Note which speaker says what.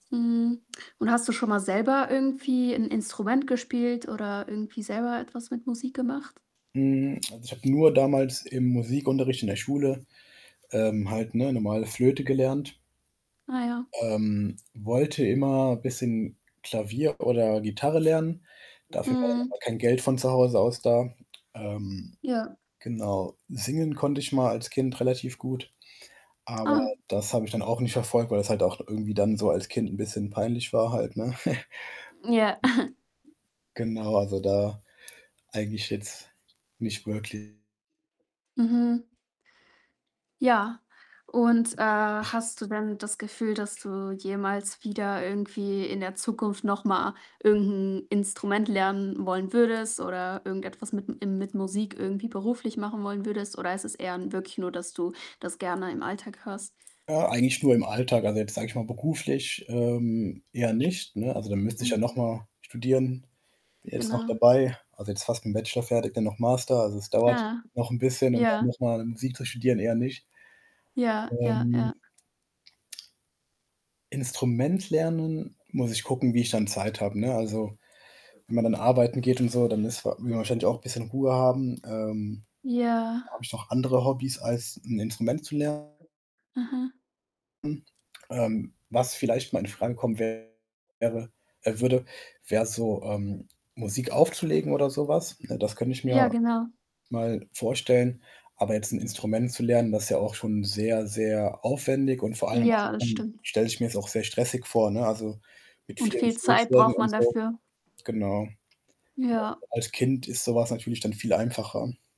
Speaker 1: Mhm, und hast du schon mal selber irgendwie 'n Instrument gespielt, oder irgendwie selber etwas mit Musik gemacht?
Speaker 2: Hm, also, ich habe nur damals im Musikunterricht in der Schule, ähm, halt 'ne normale Flöte gelernt
Speaker 1: Ah, ja.
Speaker 2: ähm, wollte immer bisschen Klavier oder Gitarre lernen, dafür war dann
Speaker 1: Mhm.
Speaker 2: aber kein Geld von zu Hause aus da. Ähm,
Speaker 1: Ja.
Speaker 2: genau, singen konnte ich mal als Kind relativ gut, aber
Speaker 1: Ah.
Speaker 2: das habe ich dann auch nicht verfolgt, weil das halt auch irgendwie dann so als Kind 'n bisschen peinlich war halt, ne?
Speaker 1: Ja.
Speaker 2: Genau, also, da eigentlich jetzt nicht wirklich
Speaker 1: Mhm. Ja, und, äh,
Speaker 2: Ich
Speaker 1: hast du denn das Gefühl, dass du jemals wieder irgendwie in der Zukunft noch mal irgend 'n Instrument lernen wollen würdest, oder irgendetwas mit im mit Musik irgendwie beruflich machen wollen würdest? Oder ist es eher wirklich nur, dass du das gerne im Alltag hörst?
Speaker 2: Äh, eigentlich nur im Alltag. Also, jetzt sage ich mal, beruflich, ähm, eher nicht, ne? Also, da müsste ich ja noch
Speaker 1: Mhm.
Speaker 2: mal studieren. Bin jetzt noch
Speaker 1: Genau.
Speaker 2: dabei also, jetzt fast mit 'n Bachelor fertig, dann noch Master also, es dauert
Speaker 1: Ah,
Speaker 2: noch 'n bisschen, und da
Speaker 1: ja.
Speaker 2: muss man [unintelligible] Musik zu studieren, eher nicht.
Speaker 1: Ja, ja,
Speaker 2: Ähm.
Speaker 1: ja.
Speaker 2: Instrument lernen, muss ich gucken, wie ich dann Zeit habe, ne? Also, wenn man dann arbeiten geht und so, dann ist will man wahrscheinlich auch bisschen Ruhe haben. Ähm,
Speaker 1: Ja.
Speaker 2: habe ich noch andere Hobbys als 'n Instrument zu ler
Speaker 1: Aha.
Speaker 2: nen. Ähm, was vielleicht mal in Frage kommen wäre äh, würde, wäre so, ähm, Musik aufzulegen, oder so was, ne, das könnte ich
Speaker 1: Ja,
Speaker 2: mir
Speaker 1: genau.
Speaker 2: mal vorstellen. Aber jetzt 'n Instrument zu lernen, das ist ja auch schon sehr, sehr aufwendig und vor allem
Speaker 1: Ja, das
Speaker 2: [unintelligible]
Speaker 1: stimmt.
Speaker 2: stelle ich mir das auch sehr stressig vor, ne? Also, mit
Speaker 1: Und
Speaker 2: vielen
Speaker 1: viel Zeit braucht
Speaker 2: [unintelligible] und
Speaker 1: man
Speaker 2: so,
Speaker 1: dafür.
Speaker 2: genau,
Speaker 1: Ja.
Speaker 2: [unintelligible] als Kind ist so was natürlich dann viel einfacher.